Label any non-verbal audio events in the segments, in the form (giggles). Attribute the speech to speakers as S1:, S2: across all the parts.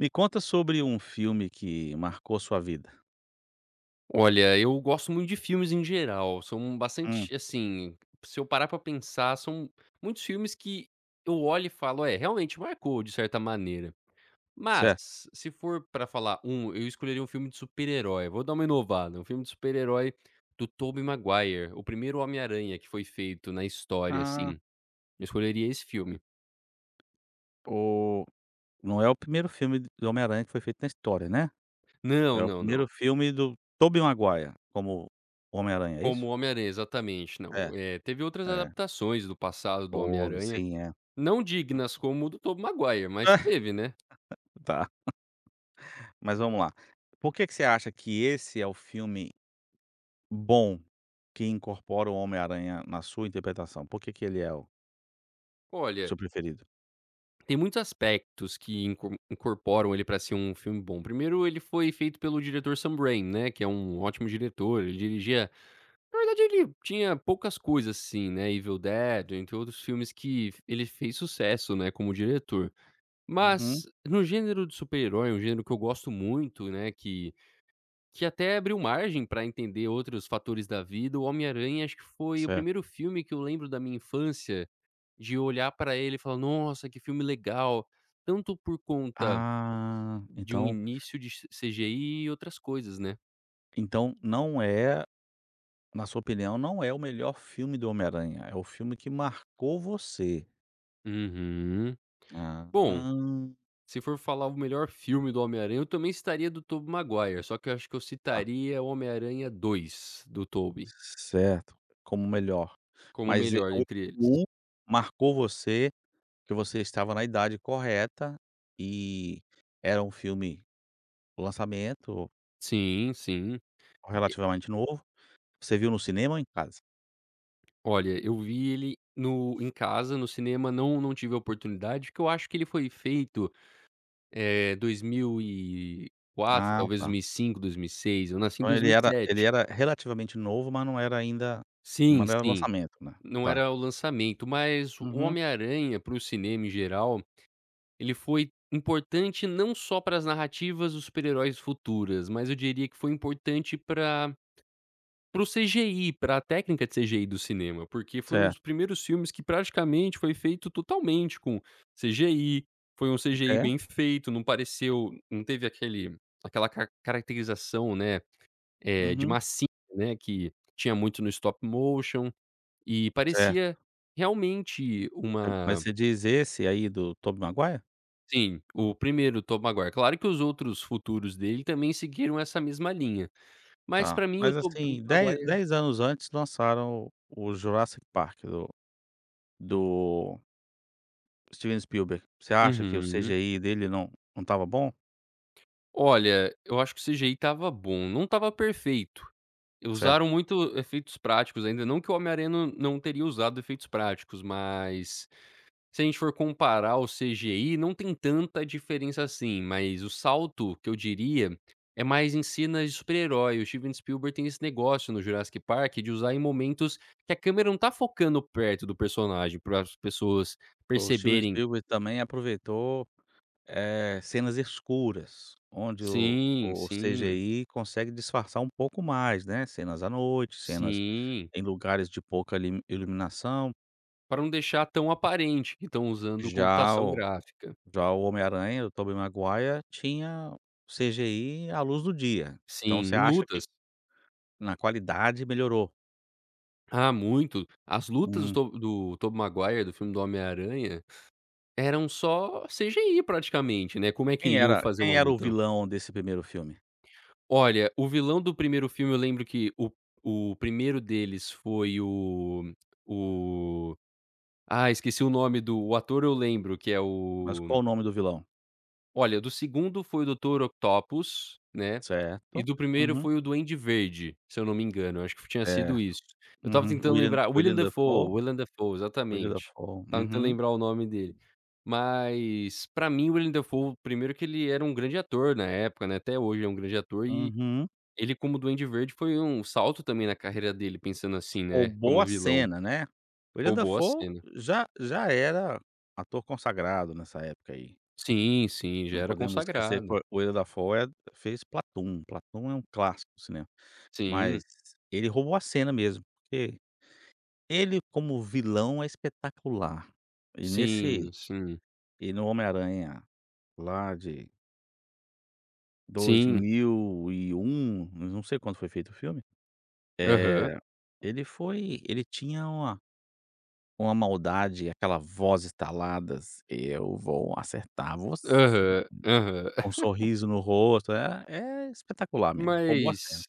S1: Me conta sobre um filme que marcou sua vida?
S2: Olha, eu gosto muito de filmes em geral, são
S1: Hum.
S2: bastante assim, se eu parar pra pensar, são muitos filmes que eu olho e falo: "É, realmente marcou, de certa maneira."
S1: Certo.
S2: Mas, se for pra falar um, eu escolheria um filme de super-herói, vou dar uma inovada, filme de super-herói do Tobey Maguire, o primeiro Homem Aranha que foi feito na história, assim.
S1: Ah.
S2: Eu escolheria esse filme.
S1: Oh, não é o primeiro filme do Homem Aranha que foi feito na história, né?
S2: Não,
S1: É o
S2: não, não.
S1: primeiro filme do Tobey Maguire, como o Homem Aranha, é
S2: Como
S1: isso?
S2: o Homem Aranha, exatamente.
S1: É,
S2: Não, eh, teve outras
S1: é.
S2: adaptações do passado do homem
S1: Houve
S2: aranha,
S1: sim é.
S2: não dignas como o Tobey Maguire, mas teve, né?
S1: (laughs) Tá. Mas vamos lá. Por que que você acha que esse é o filme, bom, que incorpora o Homem Aranha na sua interpretação? Por que que ele é, o
S2: Olha
S1: seu preferido?
S2: Tem muitos aspectos que in incorporam ele pra ser um filme bom. Primeiro, ele foi feito pelo diretor Sunbrain, né, que é um ótimo diretor, ele dirigia na verdade ele tinha poucas coisas assim, né, Evil Dead, entre outros filmes que ele fez sucesso, né, como diretor.
S1: Uhum.
S2: Mas no gênero do super-herói, um gênero que eu gosto muito, né, que que até abriu margem pra entender outros fatores da vida, o Homem Aranha acho que foi o
S1: Certo.
S2: primeiro filme que eu lembro da minha infância, de olhar pra ele e falar: "Nossa, que filme legal," tanto por conta
S1: Ah!
S2: de um
S1: Então
S2: início de CGI e outras coisas, né?
S1: Então não é na sua opinião, não é o melhor filme do Homem Aranha, é o filme que marcou você.
S2: Uhum. Bom,
S1: Aham.
S2: se for falar o melhor filme do Homem Aranha, eu também citaria do Tobey Maguire, só que eu acho que eu
S1: Tá.
S2: citaria o Homem Aranha 2, do Tobey.
S1: Certo, como o melhor.
S2: Como
S1: Mas e
S2: melhor
S1: o
S2: entre eles.
S1: um marcou você, porque você estava na idade correta e era um filme o lançamento.
S2: Sim, sim. E...
S1: Relativamente novo, você viu no cinema ou em casa?
S2: Olha, eu vi ele no em casa, no cinema não não tive a oportunidade, que eu acho que ele foi feito, eh, 2004,
S1: Ah,
S2: talvez dois
S1: tá.
S2: mil e cinco, 2006, eu nasci em
S1: Então
S2: dois
S1: ele
S2: mil e
S1: era, ele
S2: sete.
S1: era relativamente novo mas não era ainda
S2: Sim,
S1: mas não era
S2: sim,
S1: lançamento né?
S2: não
S1: Tá.
S2: era o lançamento mas o
S1: Uhum.
S2: Homem Aranha para o cinema em geral, ele foi importante, não só para as narrativas dos super-heróis futuras mas eu diria que foi importante para para o CGI, pra técnica de CGI do cinema. Porque foi um
S1: Certo.
S2: dos primeiros filmes que praticamente foi feito totalmente com CGI. Foi um CGI
S1: É
S2: bem feito, não pareceu não teve aquele aquela car caracterização, né, eh de
S1: Uhum.
S2: massinha, né, que tinha muito no stop motion e
S1: Certo.
S2: parecia realmente
S1: Certo. Mas
S2: uma
S1: você diz esse aí do Tobey Maguire?
S2: Sim, o primeiro Tobey Maguire. Claro que os outros futuros dele também seguiram essa mesma linha. Mas
S1: Tá,
S2: pra mim o
S1: mas
S2: Tobey
S1: assim, 10-,
S2: Maguire...
S1: 10 anos antes lançaram o Jurassic Park do do Steven Spielberg. Você acha que o
S2: Uhum.
S1: CGI dele não não tava bom?
S2: Olha, eu acho que o CGI estava bom, não estava perfeito. E
S1: Certo.
S2: usaram muito efeitos práticos ainda, não que o Homem Aranha não não teria usado efeitos práticos, mas se a gente for comparar, o CGI não tem tanta diferença assim, mas o salto que eu diria é mais em cena de super-herói. O Steven Spielberg tem esse negócio no Jurassic Park, de usar em momentos que a câmera não tá focando perto do personagem, para as pessoas
S1: O Steven
S2: perceberem...
S1: Spielberg também aproveitou, eh, cenas escuras, onde o
S2: Sim!
S1: o
S2: Sim!
S1: CGI consegue disfarçar um pouco mais, né? Cenas à noite, cenas
S2: Sim!
S1: em lugares de pouca limi iluminação.
S2: Para não deixar tão aparente que tão usando
S1: Já
S2: computação
S1: o
S2: gráfica.
S1: já o Homem Aranha, o Tobey Maguire tinha o CGI à luz do dia,
S2: Sim,
S1: então, você
S2: em
S1: acha que
S2: lutas.
S1: na qualidade melhorou?
S2: Ah, muito. As lutas
S1: Hum.
S2: do To do Tobey Maguire, do filme do homem aranha, eram só CGI praticamente, né? Como é que
S1: Quem
S2: iriam
S1: era
S2: fazer uma
S1: quem era o
S2: luta?
S1: vilão desse primeiro filme?
S2: Olha, o vilão do primeiro filme eu lembro que o o primeiro deles foi o o Ah, esqueci o nome do o ator eu lembro que é
S1: Mas qual
S2: o
S1: o nome do vilão?
S2: Olha, do segundo, foi o doutor Octopus, né?
S1: Certo,
S2: E do primeiro
S1: uhum.
S2: foi o Duende Verde, se eu não me engano, eu acho f tinha sido
S1: Certo.
S2: isso. Eu estava
S1: Uhum.
S2: tentando
S1: Willem
S2: lembrar Willem
S1: Willem
S2: Defoe,
S1: Dafoe.
S2: Willem Defoe!
S1: Willem
S2: Exatamente.
S1: Dafoe,
S2: Estava tentando
S1: uhum.
S2: lembrar o nome dele. Mas pra mim Willem Defoe primeiro que ele era um grande ator na época, né, até hoje é um grande ator e
S1: Uhum.
S2: ele como Duende Verde foi um salto também na carreira dele, pensando assim, né,
S1: Roubou
S2: como
S1: a
S2: vilão.
S1: cena, né? Willem
S2: Roubou a
S1: Dafoe
S2: cena.
S1: já já era ator consagrado nessa época aí.
S2: Sim, sim, já
S1: Não
S2: era
S1: podemos esquecer
S2: consagrado.
S1: foi Willem Dafoe fez Platoon. Platoon é um clássico do cinema,
S2: Sim.
S1: mas ele roubou a cena mesmo, porque ele como vilão é espetacular e nesse
S2: Sim, sim.
S1: e no Homem Aranha lá de dois
S2: Sim.
S1: mil e um mas não sei quando foi feito o filme.
S2: Aham.
S1: Eh ele foi ele tinha uma uma maldade, aquela voz estaladas: "Eu vou acertar você!".
S2: Aham, aham.
S1: Com
S2: (giggles)
S1: sorriso no rosto, é é espetacular mesmo, roubou a cena.
S2: Mas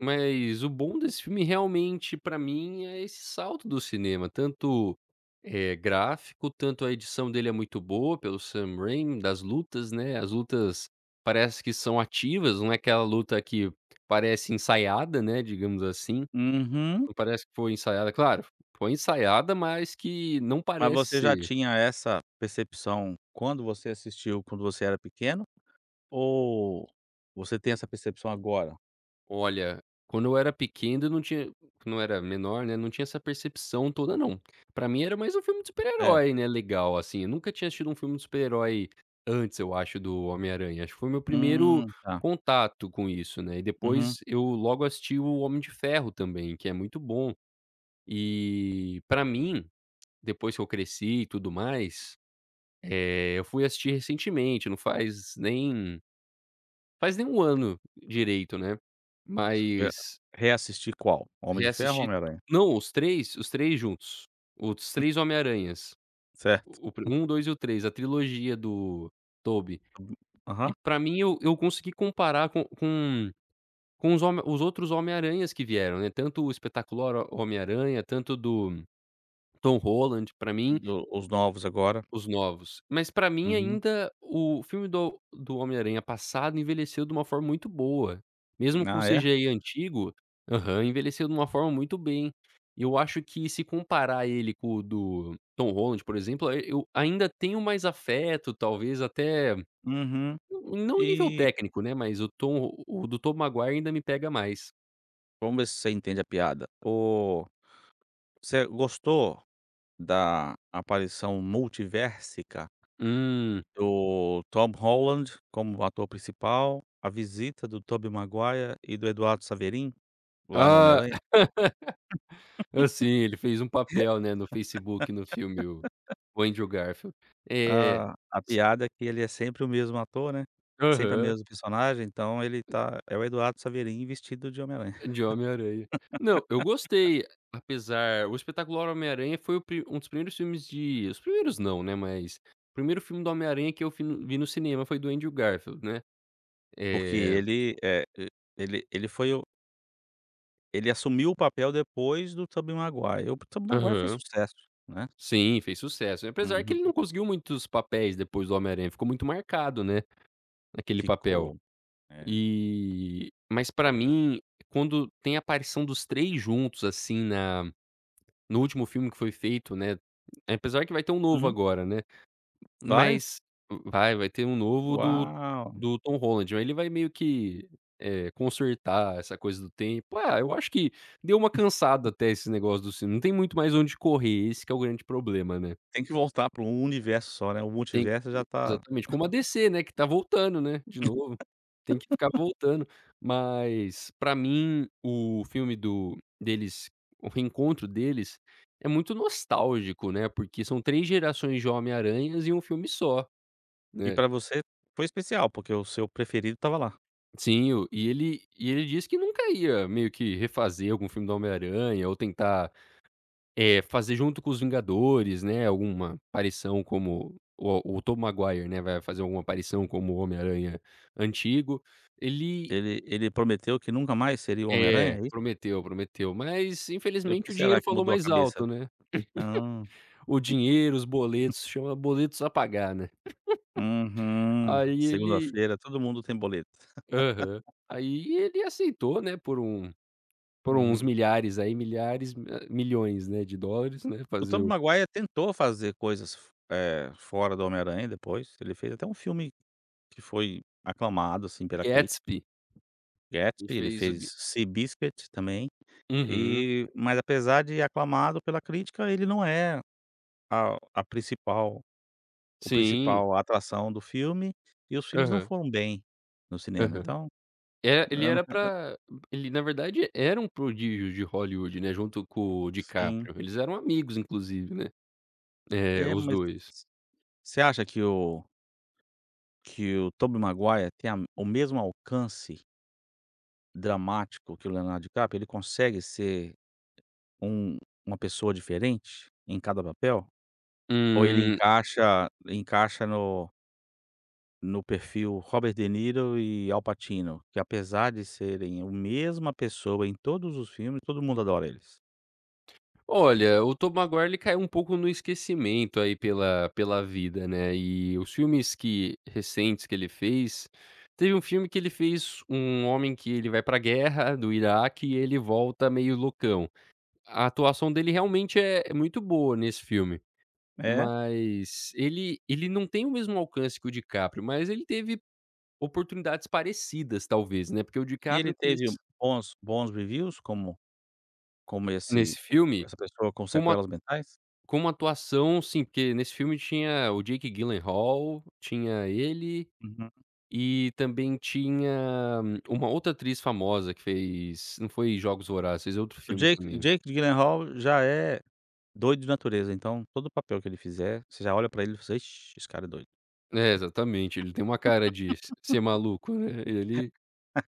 S2: mas o bom desse filme, realmente, pra mim é esse salto do cinema, tanto, eh, gráfico, tanto a edição dele é muito boa pelo Sam Raine das lutas, né. As lutas parece que são ativas, não é aquela luta que parece ensaiada, né, digamos assim,
S1: Uhum.
S2: não parece que foi ensaiada, claro foi ensaiada, mas que não
S1: Mas
S2: parece
S1: você já
S2: ser.
S1: tinha essa percepção quando você assistiu, quando você era pequeno? Ou você tem essa percepção agora?
S2: Olha, quando eu era pequeno eu não tinha quando eu era menor, né, não tinha essa percepção toda não. Pra mim era mais um filme de super
S1: É.
S2: herói, né, legal assim, eu nunca tinha assistido um filme de super herói, antes eu acho do Homem Aranha. Acho que foi meu primeiro
S1: Hum, tá.
S2: contato com isso, né. E
S1: Uhum.
S2: depois, eu logo assisti o Homem de Ferro também, que é muito bom. E, pra mim, depois que eu cresci e tudo mais, eh, eu fui assistir recentemente, não faz nem, faz nem 1 ano direito, né?
S1: Você foi
S2: Mas
S1: reassistir qual, Homem de Ferro ou
S2: reassisti,
S1: Homem Aranha?
S2: não os 3, os 3 juntos, os 3 Homem Aranhas.
S1: Certo.
S2: O pri o 1, o
S1: (chuckles)
S2: 2, e o 3, a trilogia do Tobey.
S1: Hum,
S2: E
S1: aham.
S2: pra mim, eu eu consegui comparar co com, com os home com os outros Homem Aranhas que vieram, né, tanto o Espetacular Homem Aranha, tanto do Tom Holland, pra mim
S1: Do os novos agora.
S2: Os novos. Mas pra mim,
S1: Uhum.
S2: ainda o filme do do Homem Aranha passado, envelheceu de uma forma muito boa. Mesmo com o
S1: Ah, é?
S2: CGI antigo Aham. Envelheceu de uma forma muito bem. E eu acho que se comparar ele com o do Tom Holland, por exemplo, eu ainda tenho mais afeto talvez até,
S1: Uhum.
S2: não em nível
S1: E
S2: técnico, né, mas o Tom o do Tobey Maguire ainda me pega mais.
S1: Vamos ver se você entende a piada, o você gostou da aparição multiversica
S2: Hum.
S1: do Tom Holland, como ator principal, a visita do Tobey Maguire e do Eduardo Saverin, lá no Homem
S2: Ah!
S1: Aranha.
S2: (laughs) Ah, sim, ele fez um papel, né, no Facebook, no filme, o
S1: (laughs)
S2: o Andrew Garfield. Eh
S1: Ah, a
S2: s
S1: piada é que ele é sempre o mesmo ator, né. Sempre a
S2: Aham.
S1: mesmo personagem, então ele tá é o Eduardo Saverin, vestido de Homem Aranha.
S2: De Homem Aranha. Não, eu
S1: (laughs)
S2: gostei, apesar O Espetacular Homem Aranha foi o pri um dos primeiros filmes de os primeiros não, né. Mas, primeiro filme do Homem Aranha que eu fui no vi no cinema, foi do Andrew Garfield, né,
S1: Porque
S2: eh
S1: ele, eh, ele ele foi o Ele assumiu o papel depois do Tobey Maguire, o Tobey Maguire fez
S2: Aham.
S1: sucesso, né.
S2: Sim, fez sucesso, apesar que
S1: Uhum.
S2: ele não conseguiu muitos papéis depois do Homem Aranha, ficou muito marcado, né, naquele papel.
S1: Ficou. É.
S2: Eh, mas pra mim, quando tem a aparição dos 3 juntos, assim, na no último filme que foi feito, né, apesar que vai ter um novo
S1: Uhum.
S2: agora, né.
S1: Vai?
S2: Mas, va vai ter um novo do
S1: Uau.
S2: do Tom Holland, aí ele vai meio que, eh, consertar essa coisa do tempo. É, eu acho que deu uma cansada
S1: (chuckles)
S2: até esse negócio do cine não tem muito mais onde correr, esse que é o grande problema, né.
S1: Tem que voltar pra um universo só, né? O
S2: Tem.
S1: multiverso
S2: E
S1: já tá
S2: exatamente, como a
S1: (chuckles)
S2: DC, né, que está voltando, né, de novo, tem que ficar
S1: (laughs)
S2: voltando. Mas, pra mim, o filme do deles, o reencontro deles, é muito nostálgico, né, porque são três gerações de Homem Aranhas e um filme só,
S1: E
S2: né.
S1: pra você foi especial, porque o seu preferido estava lá.
S2: Sim, o e ele e ele disse que nunca ia meio que refazer algum filme do Homem Aranha ou tentar, eh, fazer junto com os Vingadores, né, alguma aparição como o o Tobey Maguire, né, vai fazer alguma aparição como o Homem Aranha antigo. Ele
S1: Ele ele prometeu que nunca mais seria o Homem Aranha,
S2: É,
S1: é isso?
S2: prometeu, prometeu, mas
S1: E por
S2: infelizmente
S1: que
S2: o
S1: será
S2: dinheiro
S1: que
S2: falou
S1: mudou a
S2: mais alto,
S1: cabeça?
S2: né.
S1: Ah.
S2: (chuckles) O dinheiro, os
S1: (chuckles)
S2: boletos, chama boletos a pagar, né. (laughs)
S1: Aham.
S2: Aí, ele
S1: Segunda-feira todo mundo tem boleto.
S2: Aham.
S1: (laughs)
S2: Aí ele aceitou, né, por um por uns
S1: Uhum.
S2: milhares aí, milhares hã, milhões, né, de dólares, né.
S1: O
S2: Fazer
S1: Tobey
S2: o
S1: Maguire tentou fazer coisas f eh, fora do Homem Aranha depois. Ele fez até um filme que foi aclamado, assim, pela crítica.
S2: Gatsby. Ele
S1: Gatsby, ele
S2: fez o
S1: fez
S2: g
S1: Seabiscuit, também
S2: Uhum.
S1: e Mas apesar de aclamado pela crítica ele não é a a principal o
S2: Sim.
S1: principal atração do filme, e os filmes não
S2: Aham.
S1: foram bem no cinema,
S2: Aham.
S1: então,
S2: É,
S1: eu
S2: ele era
S1: (unintelligible)
S2: pra Ele na verdade era um prodígio de Hollywood, né, junto com o
S1: Sim.
S2: Dicaprio, eles eram amigos inclusive, né. É,
S1: É,
S2: os
S1: mas
S2: 2.
S1: Você você acha que o que o Tobey Maguire tem a o mesmo alcance dramático que o Leonardo Dicaprio? Ele consegue ser um uma pessoa diferente em cada papel ou ele
S2: Hum.
S1: encaixa ele encaixa no no perfil Robert De Niro e Al Pacino, que apesar de serem a mesma pessoa em todos os filmes, todo mundo adora eles.
S2: Olha, o Tobey Maguire ele caiu um pouco no esquecimento, aí pela pela vida, né. Eh, os filmes que recentes que ele fez teve um filme que ele fez um homem que ele vai pra guerra do Iraque e ele volta meio loucão a atuação dele realmente é muito boa nesse filme,
S1: É?
S2: mas ele ele não tem o mesmo alcance que o DiCaprio, mas ele teve oportunidades parecidas talvez, né, porque o
S1: E ele
S2: DiCaprio
S1: teve
S2: quis
S1: bons bons reviews, como como esse
S2: Nesse filme?
S1: essa pessoa com
S2: Com uma
S1: sequelas mentais?
S2: como atuação assim, porque nesse filme tinha o Jake Gyllenhaal, tinha ele,
S1: Uhum.
S2: e também tinha uma outra atriz famosa que fez, não foi Jogos Vorazes, fez outro
S1: O
S2: filme
S1: Jake, o
S2: também.
S1: Jake Gyllenhaal já é doido de natureza. Então, todo o papel que ele fizer você já olha pra ele e: "Ixi, esse cara é doido."
S2: É exatamente, ele tem uma cara de se ser maluco, né, ele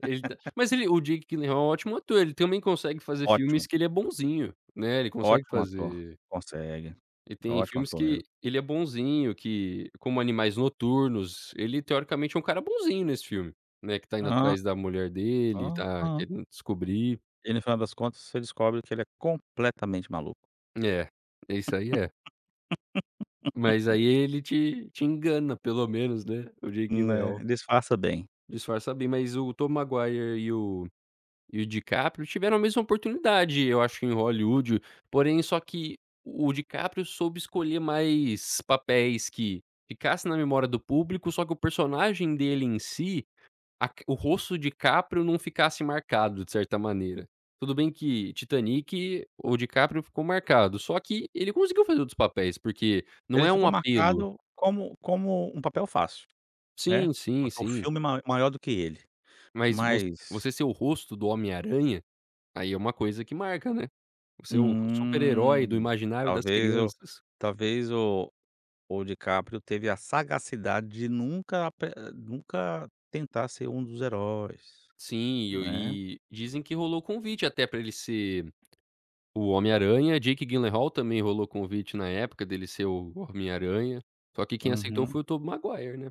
S2: ele tá Mas
S1: (laughs)
S2: ele o Jake Gyllenhall é ótimo ator, ele também consegue fazer
S1: Ótimo.
S2: filmes que ele é bonzinho, né, ele consegue
S1: Ótimo ator.
S2: fazer
S1: Consegue.
S2: Ele
S1: É
S2: tem
S1: ótimo
S2: filmes
S1: ator
S2: que
S1: mesmo.
S2: ele é bonzinho, que como Animais Noturnos, ele teoricamente é um cara bonzinho nesse filme, né, que está indo
S1: Ah.
S2: atrás da mulher dele, tá
S1: Aham.
S2: querendo descobrir
S1: E no final das contas você descobre que ele é completamente maluco.
S2: É, isso aí é. Mas
S1: (laughs)
S2: aí ele te te engana pelo menos, né, o Jake
S1: Né,
S2: Gyllenhaal
S1: disfarça bem.
S2: disfarça bem. Mas o Tobey Maguire e o o DiCaprio tiveram a mesma oportunidade eu acho em Hollywood, porém só que o DiCaprio soube escolher mais papéis que ficasse na memória do público. Só que o personagem dele em si, a car o rosto DiCáprio não ficasse marcado de certa maneira. Tudo bem que Titanic o DiCáprio ficou marcado, só que ele conseguiu fazer outros papéis porque não
S1: Ele
S2: é um
S1: ficou
S2: apelo.
S1: marcado como como um papel fácil, né,
S2: Sim, sim,
S1: o
S2: sim.
S1: filme mai maior do que ele,
S2: Mas
S1: mas
S2: você ser o rosto do Homem Aranha, aí é, uma coisa que marca, né, você é o super-herói do
S1: Hum.
S2: imaginário das
S1: Talvez eu
S2: crianças.
S1: talvez o o DiCaprio teve a sagacidade de nunca ape nunca tentar ser um dos heróis,
S2: Sim.
S1: né.
S2: E dizem que rolou convite até para ele ser o Homem Aranha, Jake Gyllenhaal também rolou convite na época, dele ser o Homem Aranha, só que quem aceitou
S1: Uhum.
S2: foi o Tobey Maguire, né?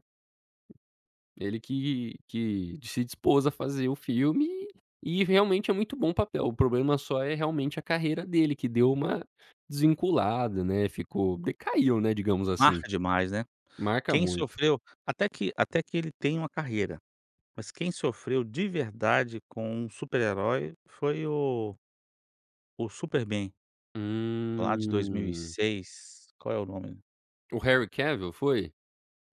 S2: Ele que que se dispôs a fazer o filme, e realmente é muito bom o papel, o problema só é realmente a carreira dele que deu uma desvinculada, né, ficou, decaiu, né, digamos assim.
S1: Marca demais, né.
S2: Marca
S1: Quem
S2: muito.
S1: sofreu, até que até que ele tem uma carreira, mas quem sofreu de verdade com um super herói foi o o Superman, lá de dois mil e
S2: Hum.
S1: seis, qual é o nome?
S2: O Harry Cavill foi?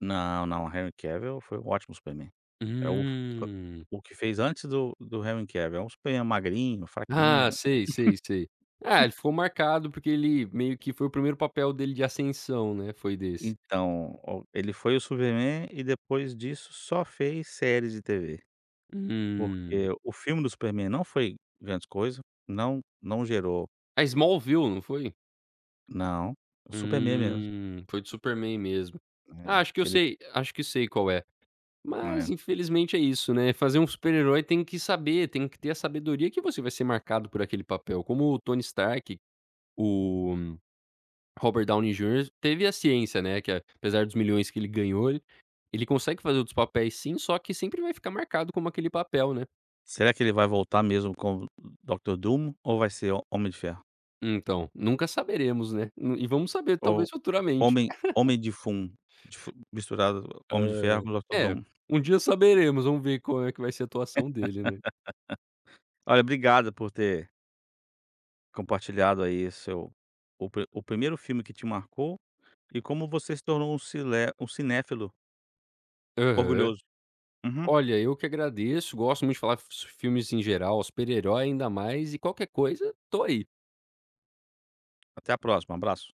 S1: Não, não, Henry Cavill foi um ótimo Superman, é o
S2: Hum.
S1: o que fez antes do do Henry Cavill, é Superman magrinho,
S2: Ah,
S1: fraquinho.
S2: sei, sei, sei. Ah,
S1: (laughs)
S2: ele ficou marcado porque ele meio que foi o primeiro papel dele de ascensão, né, foi desse.
S1: Então, o ele foi o Superman e depois disso só fez séries de TV,
S2: Hum.
S1: porque o filme do Superman não foi grandes coisas, não não gerou
S2: A Smallville, não foi?
S1: Não, o Superman mesmo.
S2: Hum, foi do Superman mesmo.
S1: Né,
S2: Acho que eu
S1: que ele
S2: sei acho que sei qual é, mas
S1: É.
S2: infelizmente é isso, né, fazer um super-herói tem que saber, tem que ter a sabedoria que você vai ser marcado por aquele papel como o Tony Stark, o Robert Downey Junior, teve a ciência, né. Que apesar dos milhões que ele ganhou, ele consegue fazer outros papéis, sim. Só, que sempre vai ficar marcado como aquele papel, né?
S1: Será que ele vai voltar mesmo com Doctor Dum ou vai ser o Homem de Ferro?
S2: Então, nunca saberemos, né. E vamos saber
S1: Ou
S2: talvez, futuramente.
S1: Homem Homem de Fum de fu misturado Homem de Ferro
S2: Ah.
S1: com Doctor
S2: É,
S1: Dum.
S2: um dia
S1: (laughs)
S2: saberemos. Vamos ver como é que vai ser a
S1: (laughs)
S2: atuação dele, né.
S1: Olha, obrigado por ter compartilhado aí seu o o pri o primeiro filme que te marcou e como você se tornou um cilé cinéfilo
S2: Aham.
S1: orgulhoso. Uhum.
S2: Olha, eu que agradeço, gosto muito de falar f-f filmes em geral, super-herói ainda mais e qualquer coisa tô aí.
S1: Até à próxima, abraço.